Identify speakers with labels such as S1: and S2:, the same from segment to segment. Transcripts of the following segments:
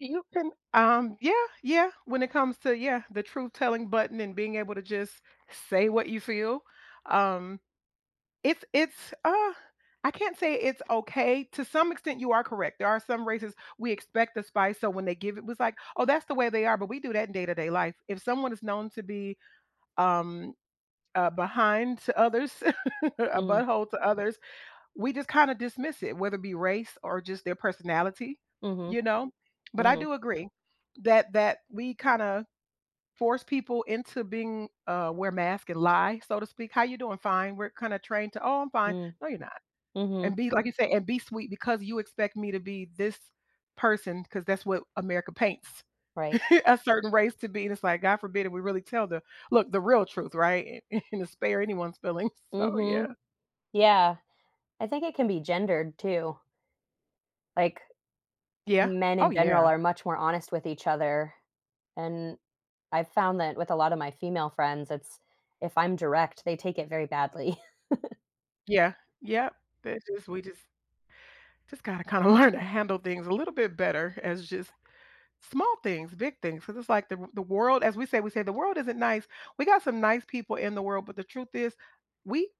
S1: You can, um Yeah, yeah, when it comes to yeah, the truth-telling button and being able to just say what you feel, um, it's it's, uh I can't say it's okay. To some extent, you are correct, there are some races we expect the spice, so when they give it, it's like, "Oh, that's the way they are," but we do that in day-to-day life, if someone is known to be, um, a behind to others, a butt
S2: Mm.
S1: hole to others, we just kinda dismiss it, whether it be race or just their personality,
S2: Mhm.
S1: you know? But I
S2: Mhm.
S1: do agree that that we kinda force people into being, uh wear masks and lie, so to speak. "How you doing?" "Fine." We're kinda trained to, "Oh, I'm fine,"
S2: Mm,
S1: no, you're not.
S2: mhm.
S1: And be, like you say and be sweet because you expect me to be this person 'cause that's what America paints
S2: Right.
S1: a certain race to be, and it's like, God forbid if we really tell the, look, the real truth, right? And and to spare anyone's feelings, so yeah.
S2: Mhm. Yeah. I think it can be gendered too. Like,
S1: Yeah.
S2: men
S1: Oh,
S2: in general
S1: yeah.
S2: are much more honest with each other, and I've found that with a lot of my female friends, it's if I'm direct, they take it very badly.
S1: Yeah, yeah, that just we just just gotta kinda learn to handle things a little bit better as just small things, big things, 'cause it's like the the world as we say, we say "The world isn't nice. We got some nice people in the world, but the truth is, we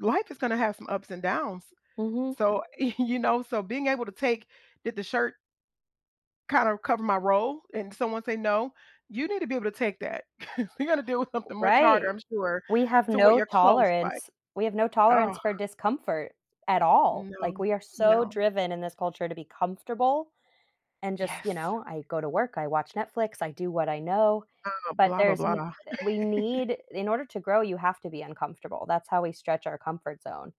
S1: w life is gonna have some ups and downs."
S2: Mhm.
S1: So, y you know, so being able to take did the shirt kinda cover my role, and someone say, "No," you need to be able to take that. You're gonna deal with something much harder,
S2: Right.
S1: I'm
S2: W
S1: sure,
S2: We have
S1: to what
S2: no
S1: your clothes like.
S2: tolerance. We have no tolerance
S1: Ugh.
S2: for discomfort at all. Like,
S1: No,
S2: we are so
S1: no.
S2: driven in this culture to be comfortable and just you
S1: Yes.
S2: know, I go to work, I watch Netflix, I do what I know.
S1: Oh,
S2: But
S1: blah, blah,
S2: there's n
S1: blah.
S2: we need in order to grow, you have to be uncomfortable, that's how we stretch our comfort zone.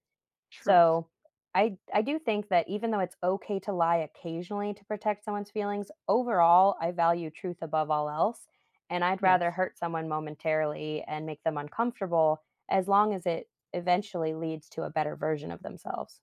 S1: Truth
S2: So, I I do think that even though it's okay to lie occasionally to protect someone's feelings, overall, I value truth above all else, and I'd rather
S1: Yes.
S2: hurt someone momentarily and make them uncomfortable as long as it eventually leads to a better version of themselves.